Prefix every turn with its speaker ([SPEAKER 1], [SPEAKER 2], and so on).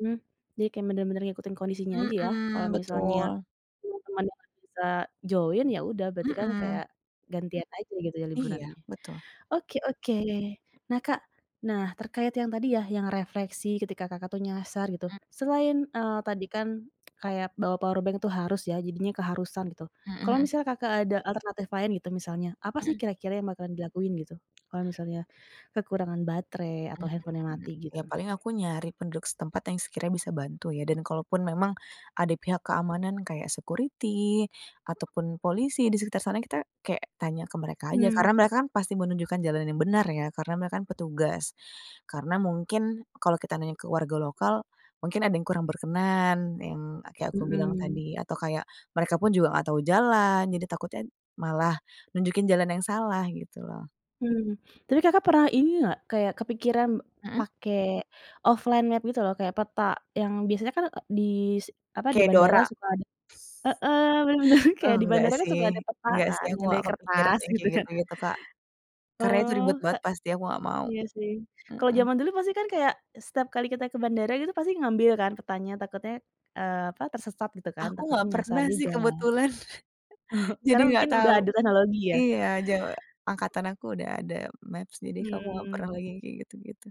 [SPEAKER 1] Mmm. Jadi, kayak benar-benar ngikutin kondisinya aja ya. Kalau
[SPEAKER 2] Mhm.
[SPEAKER 1] misalnya
[SPEAKER 2] Betul.
[SPEAKER 1] teman-teman enggak bisa join, ya udah berarti kan
[SPEAKER 2] Mhm.
[SPEAKER 1] kayak gantian aja gitu ya
[SPEAKER 2] Iya,
[SPEAKER 1] liburannya.
[SPEAKER 2] betul.
[SPEAKER 1] Oke oke. Nah, Kak, nah terkait yang tadi ya, yang refleksi ketika Kakak tuh nyasar gitu,
[SPEAKER 2] E
[SPEAKER 1] selain, eee, tadi kan kayak bawa powerbank tuh harus ya. Jadinya keharusan gitu,
[SPEAKER 2] Hmm,
[SPEAKER 1] kalau
[SPEAKER 2] mhm.
[SPEAKER 1] misalnya, Kakak ada alternatif lain gitu, misalnya apa sih
[SPEAKER 2] Hmm.
[SPEAKER 1] kira-kira yang bakalan dilakuin gitu, kalau misalnya kekurangan baterai atau handphone-nya
[SPEAKER 2] Mmm,
[SPEAKER 1] mati
[SPEAKER 2] ya
[SPEAKER 1] gitu?
[SPEAKER 2] paling aku nyari penduduk setempat, yang sekiranya bisa bantu ya, dan kalaupun memang ada pihak keamanan kayak security ataupun polisi di sekitar sana, kita kayak tanya ke mereka aja,
[SPEAKER 1] Mmm.
[SPEAKER 2] karena mereka kan pasti mau menunjukkan jalan yang benar ya, karena mereka kan petugas. Karena mungkin, kalau kita nanya ke warga lokal, mungkin ada yang kurang berkenan, yang kayak aku bilang
[SPEAKER 1] Mhm.
[SPEAKER 2] tadi. Atau kayak mereka pun juga enggak tahu jalan, jadi takutnya malah nunjukin jalan yang salah gitu loh.
[SPEAKER 1] Hmm. Tapi, Kakak pernah ini enggak, kayak kepikiran
[SPEAKER 2] Mhm.
[SPEAKER 1] pake offline map gitu loh kayak peta, yang biasanya kan di s apa di
[SPEAKER 2] Kayak
[SPEAKER 1] bandara
[SPEAKER 2] Dora.
[SPEAKER 1] suka ada heeh benar. Kayak di
[SPEAKER 2] Enggak
[SPEAKER 1] bandara kan
[SPEAKER 2] sih,
[SPEAKER 1] suka ada peta
[SPEAKER 2] enggak sih,
[SPEAKER 1] kan
[SPEAKER 2] aku
[SPEAKER 1] yang
[SPEAKER 2] enggak
[SPEAKER 1] dari
[SPEAKER 2] kepikiran
[SPEAKER 1] kertas
[SPEAKER 2] yang
[SPEAKER 1] gitu
[SPEAKER 2] kayak
[SPEAKER 1] kan.
[SPEAKER 2] gitu-gitu, Kak. Karena itu
[SPEAKER 1] Oh,
[SPEAKER 2] ribet
[SPEAKER 1] k
[SPEAKER 2] banget pasti, aku enggak mau.
[SPEAKER 1] Iya sih. Kalau
[SPEAKER 2] Mhm.
[SPEAKER 1] zaman dulu pasti kan kayak, setiap kali kita ke bandara gitu pasti ngambil kan, petanya takutnya, eee, apa tersesat gitu kan,
[SPEAKER 2] Aku
[SPEAKER 1] takutnya
[SPEAKER 2] enggak
[SPEAKER 1] nyasar
[SPEAKER 2] pernah sih
[SPEAKER 1] juga.
[SPEAKER 2] kebetulan.
[SPEAKER 1] Oh,
[SPEAKER 2] Jadi
[SPEAKER 1] karena
[SPEAKER 2] enggak
[SPEAKER 1] mungkin udah
[SPEAKER 2] tahu.
[SPEAKER 1] ada teknologi ya
[SPEAKER 2] Iya jawa angkatan aku udah ada maps jadi, kamu enggak pernah
[SPEAKER 1] Mmm.
[SPEAKER 2] lagi yang kayak gitu-gitu.